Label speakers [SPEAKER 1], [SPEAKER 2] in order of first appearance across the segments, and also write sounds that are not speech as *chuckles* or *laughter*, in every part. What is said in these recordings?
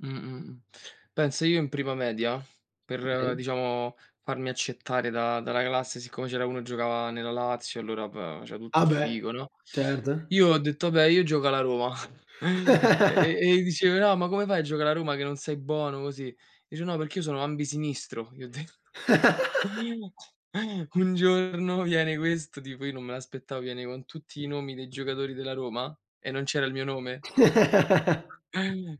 [SPEAKER 1] Mh, mh, mh. Pensa io in prima media per,
[SPEAKER 2] Okay.
[SPEAKER 1] diciamo, farmi accettare da dalla classe, siccome c'era uno che giocava nella Lazio allora ba faceva tutto
[SPEAKER 2] Ah
[SPEAKER 1] il
[SPEAKER 2] beh,
[SPEAKER 1] figo, no,
[SPEAKER 2] certo.
[SPEAKER 1] io ho detto: "Vabbè io gioco alla Roma." *chuckles* E
[SPEAKER 2] *laughs*
[SPEAKER 1] e dice: "No, ma come fai a gioca alla Roma che non sei bono?" Così. Dice: "No, perché io sono ambi sinistro." Gli ho detto.
[SPEAKER 2] *laughs*
[SPEAKER 1] *chuckles* Un giorno, viene questo, tipo, io non me l'aspettavo, viene con tutti i nomi dei giocatori della Roma e non c'era il mio nome.
[SPEAKER 2] *laughs*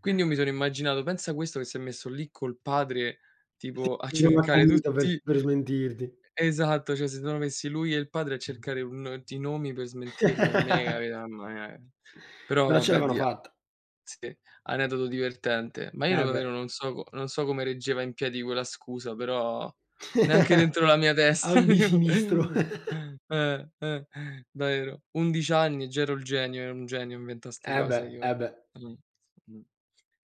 [SPEAKER 1] Quindi io mi sono immaginato: "Pensa a questo che s'è messo lì col padre, tipo, a cercare
[SPEAKER 2] *unintelligible* per
[SPEAKER 1] tutti"
[SPEAKER 2] per smentirti.
[SPEAKER 1] E esatto. Cioè si sono messi lui e il padre a cercare un ti i nomi per smentirmi a me, a
[SPEAKER 2] *laughs*
[SPEAKER 1] e am e
[SPEAKER 2] Però
[SPEAKER 1] Però
[SPEAKER 2] ce
[SPEAKER 1] beh,
[SPEAKER 2] l'avevano
[SPEAKER 1] di a
[SPEAKER 2] fatta.
[SPEAKER 1] sì, aneddoto divertente. Ma io
[SPEAKER 2] Eh,
[SPEAKER 1] davvero,
[SPEAKER 2] beh.
[SPEAKER 1] non so c non so come reggeva in piedi quella scusa, però neanche dentro la mia
[SPEAKER 2] *chuckles*
[SPEAKER 1] testa,
[SPEAKER 2] Ambi sinistro.
[SPEAKER 1] *unintelligible*
[SPEAKER 2] *chuckles*
[SPEAKER 1] eh, eh. Davvero. 11 anni, già ero il genio un genio a inventa' 'ste
[SPEAKER 2] Eh beh,
[SPEAKER 1] cose io,
[SPEAKER 2] eh
[SPEAKER 1] eh.
[SPEAKER 2] beh.
[SPEAKER 1] Mh, mh.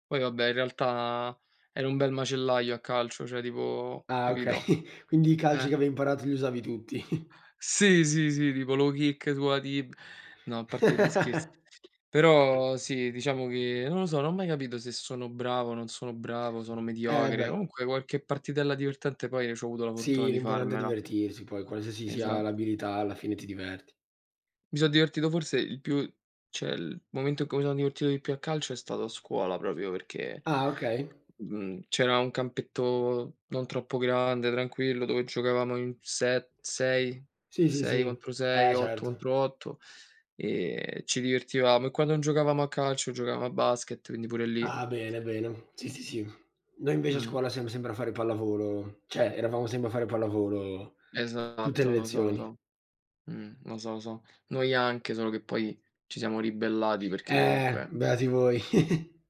[SPEAKER 1] Poi vabbè in realtà ero un bel macellaio a calcio, cioè tipo
[SPEAKER 2] Ah
[SPEAKER 1] capito?
[SPEAKER 2] okay, quindi i calci che
[SPEAKER 1] Eh.
[SPEAKER 2] avevi imparato li usavi tutti.
[SPEAKER 1] Sì, sì, sì, tipo low kick sulla tib no a parte gli scherzi,
[SPEAKER 2] *laughs*
[SPEAKER 1] però sì diciamo che, non lo so, non ho mai capito se sono bravo o non sono bravo, sono
[SPEAKER 2] Eh,
[SPEAKER 1] mediocre.
[SPEAKER 2] beh.
[SPEAKER 1] Comunque qualche partitella divertente poi c'ho avuto la fortuna
[SPEAKER 2] Sì,
[SPEAKER 1] di
[SPEAKER 2] l'importante è
[SPEAKER 1] farmela.
[SPEAKER 2] divertirsi poi, qualsiasi sia
[SPEAKER 1] Esatt
[SPEAKER 2] l'abilità alla fine ti diverti.
[SPEAKER 1] Mi so divertito forse il più cioè il momento in cui mi sono divertito di più a calcio è stato a scuola proprio perché,
[SPEAKER 2] Ah, okay.
[SPEAKER 1] mhmm, c'era un campetto non troppo grande, tranquillo, dove giocavamo in set sei,
[SPEAKER 2] Sì, sì,
[SPEAKER 1] 6
[SPEAKER 2] sì,
[SPEAKER 1] contro 6,
[SPEAKER 2] eh,
[SPEAKER 1] 8
[SPEAKER 2] certo.
[SPEAKER 1] contro 8 e ci divertivamo. E quando non giocavamo a calcio giocavamo a basket, quindi pure lì
[SPEAKER 2] Ah bene, bene, sì, sì, sì. Noi invece a
[SPEAKER 1] Mh.
[SPEAKER 2] scuola siamo sempre a fare pallavolo, cioè eravamo sempre a fare pallavolo, tutte le
[SPEAKER 1] Esatto, lo so, lo
[SPEAKER 2] lezioni.
[SPEAKER 1] so. Mh, lo so, lo so. Noi anche, solo che poi ci siamo ribellati perché
[SPEAKER 2] Eh
[SPEAKER 1] comunque
[SPEAKER 2] beati voi. *chuckles*